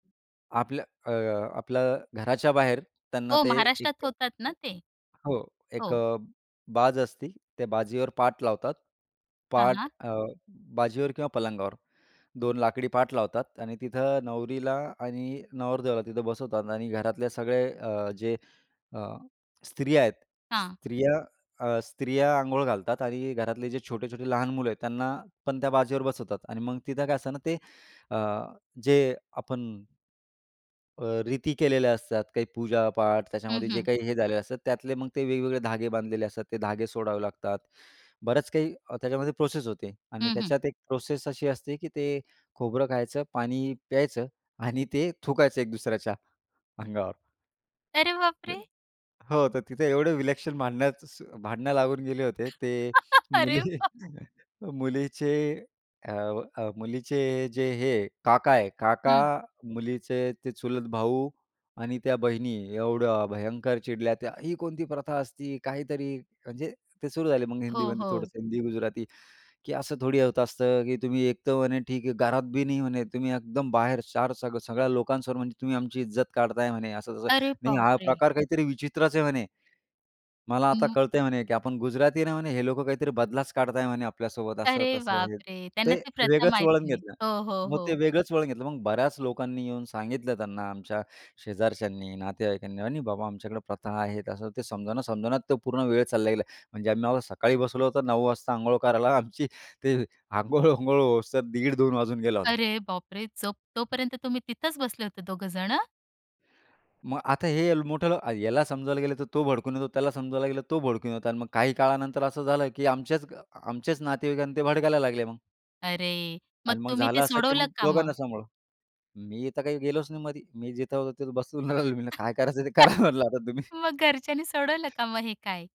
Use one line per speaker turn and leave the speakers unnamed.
आपल्या अ, आपल्या घराच्या बाहेर त्यांना
हो.
ते
महाराष्ट्रात
एक
होतात ना ते.
हो. एक
हो.
अ, बाज असते त्या बाजीवर पाट लावतात
हां,
पाट
हां.
अ, बाजीवर किंवा पलंगावर 2 लाकडी पाट लावतात आणि तिथे नवरीला आणि नवरदेवाला तिथे बसवतात आणि घरातले सगळे अ, जे अ, स्त्रिया आहेत.
हां.
स्त्रिया अ, स्त्रिया अंघोळ घालतात आणि घरातले जे छोटे-छोटे लहान मुलं आहेत त्यांनापण त्या बाजेवर बसवतात आणि मग तिथे काय असते ना ते अ, जे आपण अ, रीती केलेल्या असतात काही पूजा पाठ
हं,
त्याच्यामध्ये जे
हं.
काही हे झाले असतात, त्यातले मग ते वेगवेगळे धागे बांधलेले असतात ते धागे सोडावे लागतात. बरंच काही अ, त्याच्यामध्ये प्रोसेस होते आणि
हं, हं.
त्याच्यात एक प्रोसेस अशी असते, की ते खोबरं खायचं पाणी प्यायचं आणि ते थुकायचं एक-दुसऱ्याच्या अंगावर.
अरे बाप
हं.
रे!
हो. तर तिथे एवढं विलक्षण भांडण्याचं स भांडणं लागून गेले होते. ते
अरे
मुली
बाप!
मुलीचे अ, अ, मुलीचे जे हे काका आहे. काका
हं.
मुलीचे ते चुलत भाऊ आणि त्या बहिणी एवढं भयंकर चिडल्या त्या "ही कोणती प्रथा असती काहीतरी" म्हणजे ते सुरू झाले मग
हो,
हिंदीमध्ये
हो.
थोडंसं हिंदी गुजराती, की असं थोडी होत असतं, की "तुम्ही एक तर म्हणे ठीक आहे घरात बी नाही म्हणे तुम्ही एकदम बाहेर चार सग सगळ्या लोकांसमोर म्हणजे तुम्ही आमची इज्जत काढताय" म्हणे असं तसं.
अरे
नाही
बाप
हा
रे!
प्रकार काहीतरी विचित्रच आहे म्हणे. मला आता
हं.
कळतंय म्हणे, की आपण गुजराती आहे ना म्हणे, हे लोकं काहीतरी बदलाच काढत आहे म्हणे आपल्यासोबत
अरे
असं-तसं
बाप
हे.
रे!
ते
त्यांना ती प्रथा
वेगळंच वळण
माहिती नाही.
घेतलं.
हो, हो,
मग ते
हो.
वेगळंच वळण घेतलं. मग बऱ्याच लोकांनी येऊन सांगितलं त्यांना आमच्या शेजारच्यांनी, नातेवाईकांनी "नाही, नाही बाबा आमच्याकडे प्रथा आहेत." असं ते समजावण्या-समजावण्यात तो पूर्ण वेळ चालला गेला. म्हणजे आम्ही आम्हाला सकाळी बसवलं होतं 9:00 वाजता अंघोळ करायला. आमची ते अंघोळ वांघोळ होस तर दीड-दोन वाजून गेला होता.
अरे बाप रे! जो तोपर्यंत तुम्ही तिथेच बसले होते दोघ जणं?
मग आता हे यल मोठं ह्याला समजायला गेलं तर तो भडकून येतो. त्याला समजवायला गेलं तर तो भडकून येतो आणि मग काही काळानंतर असं झालं, की आमच्याच अ, आमच्याच नातेवाईकांना ते भडकायला लागले मग.
अरे! मग
आणि मग
तुम्ही
झालं
ते
असं, की
सोडवलं
मग
का
दोघांना
मग?
सांभाळा. मी तर काही गेलोच नाही मध्ये. मी जिथे होतो तिथे बसून राहिलो. मी म्हटलं, "काय करायचं ते करा म्हटलं आता तुम्ही."
मग घरच्यांनी सोडवलं का मग हे काय?